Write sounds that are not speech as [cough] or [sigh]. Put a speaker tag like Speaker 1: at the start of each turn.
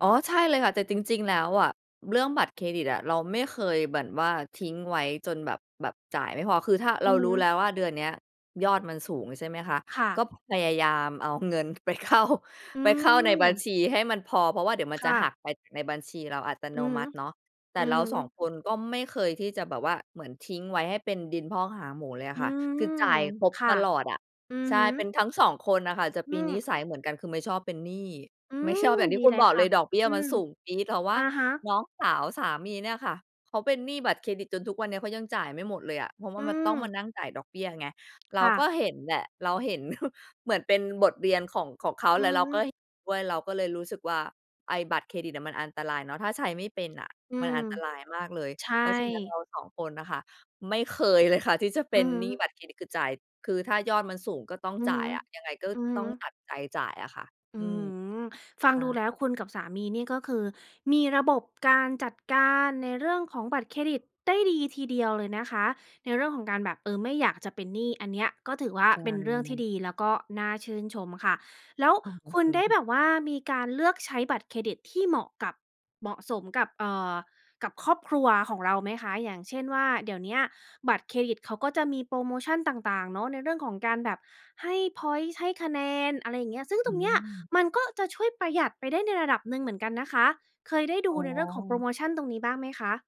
Speaker 1: อ๋อใช่เลยค่ะ แต่จริง ๆ แล้วอะ เรื่องบัตรเครดิตอะ เราไม่เคยเหมือนว่าทิ้งไว้จนแบบ แบบจ่ายไม่พอ คือถ้าเ
Speaker 2: อ
Speaker 1: ร
Speaker 2: ื
Speaker 1: า
Speaker 2: อฮ
Speaker 1: รู้แล
Speaker 2: ึ
Speaker 1: ้วว่าเดือนเนี้ยยอดมันสูง ใช่ไหมคะ
Speaker 2: ค่
Speaker 1: ก็
Speaker 2: ะ
Speaker 1: พยายามเอาเงินไป เข้า
Speaker 2: อื
Speaker 1: ไปเข้าในบัญ
Speaker 2: ม
Speaker 1: ชีให้มันพอ เพราะว่าเดี๋ยวมัน
Speaker 2: ค
Speaker 1: จะ
Speaker 2: ่
Speaker 1: หัก
Speaker 2: ะ
Speaker 1: ไป ในบัญชีเราอัตโน
Speaker 2: อือฮ
Speaker 1: ม
Speaker 2: ึ
Speaker 1: ัติเนาะ แต
Speaker 2: อื
Speaker 1: ่เร
Speaker 2: อ
Speaker 1: า ส
Speaker 2: ฮ
Speaker 1: อง
Speaker 2: ึ
Speaker 1: คน ก็ไม่เคยที่จะแบบว่าเหมือนทิ้งไว้ให้เป็นดินพอกหางหมูเลยอ
Speaker 2: อ
Speaker 1: ะ
Speaker 2: ื
Speaker 1: ค่ะ คื
Speaker 2: ม
Speaker 1: อจ่ายครบ
Speaker 2: ค่
Speaker 1: ต
Speaker 2: ะ
Speaker 1: ลอดอะ
Speaker 2: อือ
Speaker 1: ใช่
Speaker 2: ฮึ
Speaker 1: เป็นทั้ง 2 คนอะค่ะ จะ
Speaker 2: อ
Speaker 1: ป
Speaker 2: ื
Speaker 1: ี น
Speaker 2: ม
Speaker 1: ิสัย
Speaker 2: ๆ
Speaker 1: เหมือนกัน คือไม่ชอบเป็นหนี้
Speaker 2: อื
Speaker 1: ไม่ช
Speaker 2: ม
Speaker 1: อบอย่างที
Speaker 2: ด
Speaker 1: ่
Speaker 2: ี
Speaker 1: คุ
Speaker 2: เ
Speaker 1: ณ
Speaker 2: ลย
Speaker 1: บอก
Speaker 2: ค
Speaker 1: เล
Speaker 2: ่ะ
Speaker 1: ย ดอกเบี้ย
Speaker 2: อื
Speaker 1: มัน
Speaker 2: ม
Speaker 1: สูงปี๊ด แต่ว่
Speaker 2: อ
Speaker 1: า
Speaker 2: ะฮะ
Speaker 1: น้องสาวสามีเนี่ยค่ะเขาเป็นหนี้บัตรเครดิต จนทุกวันนี้เขายังจ่ายไม่หมดเลยอะ เพราะว่
Speaker 2: อ
Speaker 1: า
Speaker 2: ื
Speaker 1: มันต้องม
Speaker 2: ม
Speaker 1: านั่งจ่ายดอกเบี้ยไง เร
Speaker 2: ค
Speaker 1: า
Speaker 2: ่
Speaker 1: ก
Speaker 2: ะ
Speaker 1: ็เห็นแหละ เราเห็น [chuckles] เหมือนเป็นบทเรียนของ ของเขา
Speaker 2: อื
Speaker 1: และ
Speaker 2: อ
Speaker 1: เรา
Speaker 2: ฮ
Speaker 1: ก็
Speaker 2: ึ
Speaker 1: เห็นด้วย เราก็เลยรู้สึกว่าไอ้บัตรเครดิตอะมันอันตรายเนาะ ถ้าใช้ไม่เป็นอะ
Speaker 2: อื
Speaker 1: มัน
Speaker 2: ม
Speaker 1: อันตรายมากเลย
Speaker 2: ใช
Speaker 1: เพราะฉะนั้นเ
Speaker 2: ่
Speaker 1: รา 2 คนน่ะค่ะไม่เคยเลยค่ะที่จะเป
Speaker 2: อื
Speaker 1: ็น
Speaker 2: อฮึ
Speaker 1: หนี้บัตรเครดิตคือจ่าย คือถ้ายอดมันสูงก็ต้อง
Speaker 2: อือ
Speaker 1: จ
Speaker 2: ฮ
Speaker 1: ่า
Speaker 2: ึ
Speaker 1: ยอะ ยังไงก็
Speaker 2: อือฮึ
Speaker 1: ต้องตัดใจจ่ายอะค่ะ
Speaker 2: อ
Speaker 1: อ
Speaker 2: ื
Speaker 1: ื
Speaker 2: ้อฮ
Speaker 1: ม
Speaker 2: ือ ฟัง
Speaker 1: อ
Speaker 2: ดู
Speaker 1: า
Speaker 2: แล้วคุณกับสามีนี่ก็คือมีระบบการจัดการในเรื่องของบัตรเครดิตได้ดีทีเดียวเลยนะคะ ในเรื่องของการแบบ เออ ไม่อยากจะเป็นหนี้ อันเนี้ยก็ถือว่า
Speaker 1: ใช
Speaker 2: เป็นเรื่องที่
Speaker 1: ่
Speaker 2: ดี แล้วก็น่าชื่นชมค่ะ แล้ว
Speaker 1: โอ้ ขอ
Speaker 2: ค
Speaker 1: บ
Speaker 2: ุณ
Speaker 1: คุณ
Speaker 2: ได้
Speaker 1: ค่
Speaker 2: แ
Speaker 1: ะ
Speaker 2: บบว่ามีการเลือกใช้บัตรเครดิตที่เหมาะกับ เหมาะสมกับ เอ่อ กับครอบครัวของเราไหมคะ อย่างเช่นว่าเดี๋ยวเนี้ยบัตรเครดิตเขาก็จะมีโพรโมชันต่าง ๆ เนาะ ในเรื่องของการแบบให้พ็อยนต์ ให้คะแนน อะไรอย่างเงี้ย ซึ่ง
Speaker 1: อ
Speaker 2: ตรงเนี้ย
Speaker 1: ืม
Speaker 2: มันก็จะช่วยประหยัดไปได้ในระดับหนึ่งเหมือนกันนะคะ เคยได้ดู
Speaker 1: อ๋
Speaker 2: ในเรื่องของโพร
Speaker 1: อ
Speaker 2: โมชันตรงนี้บ้างไหมคะ?